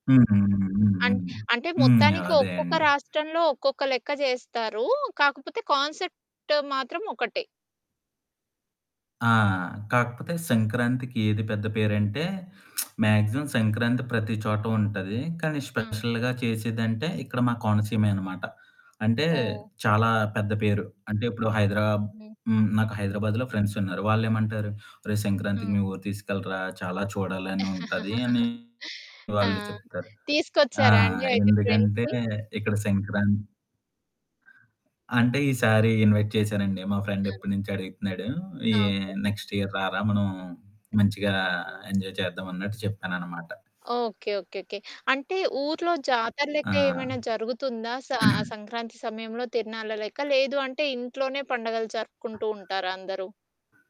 హ్మ్. హ్మ్. హ్మ్. అం హ్మ్. అంటే హ్మ్. హ్మ్. మొత్తానికి అదే ఒక్కొక్క అండి. రాష్ట్రంలో, ఒక్కొక్క లెక్క జేస్తారు. కాకపోతే కాన్సెప్ట్ మాత్రం ఒకటే. ఆ! కాకపోతే హ్మ్. సంక్రాంతికి ఏది పెద్ద పేరంటే, మ్యాక్సిమం సంక్రాంతి ప్రతి చోట ఉంటది. కానీ హ్మ్. స్పెషల్‌గా చేసేదంటే, ఇక్కడ మా కోనసీమె అనమాట. అంటే ఓహ్! చాలా పెద్ద పేరు. అంటే ఇప్పుడు హైదరా హ్మ్. హ్మ్, నాకు హైదరాబాద్‌లో ఫ్రెండ్సున్నారు. వాళ్ళేమంటారు, "ఒరే సంక్రాంతికి మీ హ్మ్. ఊరు తీసుకెళ్ళరా, చాలా చూడాలని ఉంటది" అని ఆ! వాళ్ళు చెప్తారు. ఆ! తీసుకొచ్చారా అండి అయితే ఎందుకంటే ఫ్రెండ్స్‌ని? ఇక్కడ సంక్రాం అంటే ఈసారి ఇన్‌వైట్ చేశానండి. మా ఫ్రెండ్ ఆ! ఎప్పటినుంచో అడుగుతున్నాడు. ఈ ఆ! ఓకే. నెక్స్ట్ ఇయర్ రారా మనం మంచిగా అవును. ఎంజాయ్ చేద్దాం అన్నట్టు చెప్పానన్నమాట. ఓకే. ఓకే. ఓకే. ఓకే. అంటే ఊర్లో జాతర లెక్క ఆ! ఏమైనా జరుగుతుందా? స ఆ సంక్రాంతి సమయంలో తిరునాళ్ళ లెక్క? లేదు అంటే, ఇంట్లోనే పండగలు జరుపుకుంటూంటారా అందరూ?